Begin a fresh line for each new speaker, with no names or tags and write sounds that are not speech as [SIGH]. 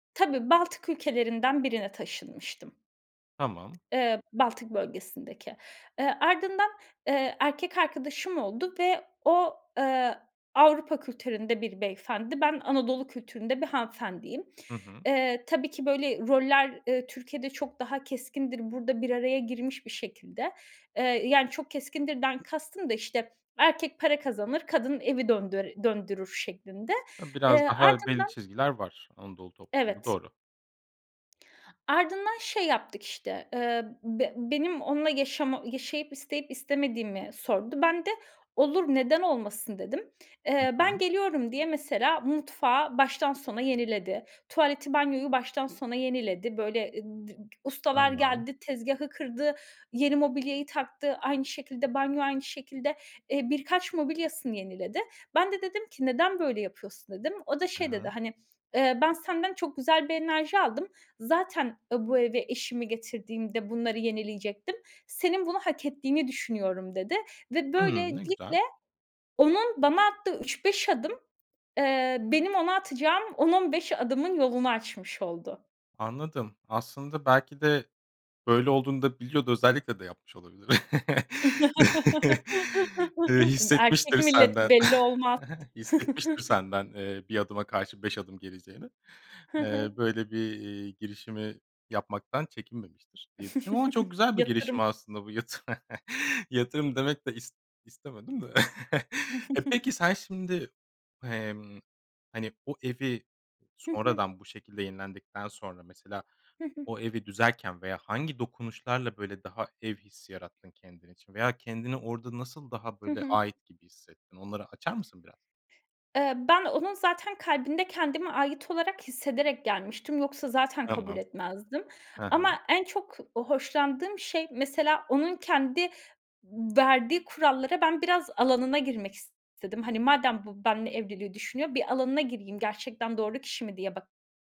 Tabii, Baltık ülkelerinden birine taşınmıştım.
Tamam.
Eee, Baltık bölgesindeki. Eee, ardından, eee, erkek arkadaşım oldu ve o, eee, Avrupa kültüründe bir beyefendi. Ben Anadolu kültüründe bir hanımefendiyim.
Hı hı.
Eee, tabii ki böyle, roller, ııı, Türkiye'de çok daha keskindir; burada bir araya girmiş bir şekilde. Eee, yani çok keskindirden kastım da işte, erkek para kazanır, kadın evi döndör döndürür şeklinde.
Ha,
Eee,
biraz daha belli
ardından
çizgiler var. Anadolu toplumu,
Evet.
doğru.
Ardından şey yaptık işte, ııı, be benim onunla yaşama yaşayıp isteyip istemediğimi sordu. Ben de, "Olur, neden olmasın?" dedim.
Hı
Eee, ben
hı.
geliyorum diye mesela mutfağı baştan sona yeniledi. Tuvaleti, banyoyu baştan sona yeniledi. Böyle eee dı ustalar
Tamam.
geldi, tezgâhı kırdı, yeni mobilyayı taktı; aynı şekilde, banyo, aynı şekilde. Eee, birkaç mobilyasını yeniledi. Ben de dedim ki: "Neden böyle yapıyorsun?" dedim. O da
I
şey dedi,
hı.
hani eee, "Ben senden çok güzel bir enerji aldım. Zaten ı bu eve eşimi getirdiğimde bunları yenileyecektim. Senin bunu hak ettiğini düşünüyorum." dedi ve
Hımm, ne
böylelikle
güzel.
onun bana attığı 3, 5 adım, eee, benim ona atacağım 10-15 adımın yolunu açmış oldu.
Anladım, aslında belki de böyle olduğunu da biliyordu. Özellikle de yapmış olabilir. [LAUGHS] Eee,
[LAUGHS] Erkek
hissetmiştir
milleti
senden
belli olmaz.
[LAUGHS] hissetmiştir
[CHUCKLES]
senden, eee, 1 adıma karşı 5 adım geleceğini.
Hı
Eee,
hı.
böyle bir, eee, girişimi yapmaktan çekinmemiştir diye düşünüyorum. Ama çok
[CHUCKLES]
güzel bir girişim
Yatırım.
aslında bu. Yatırım. [LAUGHS] Yatırım demek de is istemedim de. [LAUGHS] E,
[GIGGLES]
peki sen şimd, emm, hani, o evi
Hı hı.
sonradan bu şekilde yenilendikten sonra mesela
Hı hı.
o evi düzerken veya hangi dokunuşlarla, böyle, daha ev hissi yarattın kendin için veya kendini orada nasıl daha,
Hı
böyle,
hı.
ait gibi hissettin, onları açar mısın biraz?
Eee, ben onun zaten kalbinde kendimi ait olarak hissederek gelmiştim; yoksa zaten kabul
Tamam.
etmezdim.
Hı hı.
Ama en çok hoşlandığım şey mesela onun kendi m verdiği kurallara, ben biraz alanına girmek istedim. Madem bu benimle evliliği düşünüyor, bir alanına gireyim; gerçekten doğru kişi mi diye ba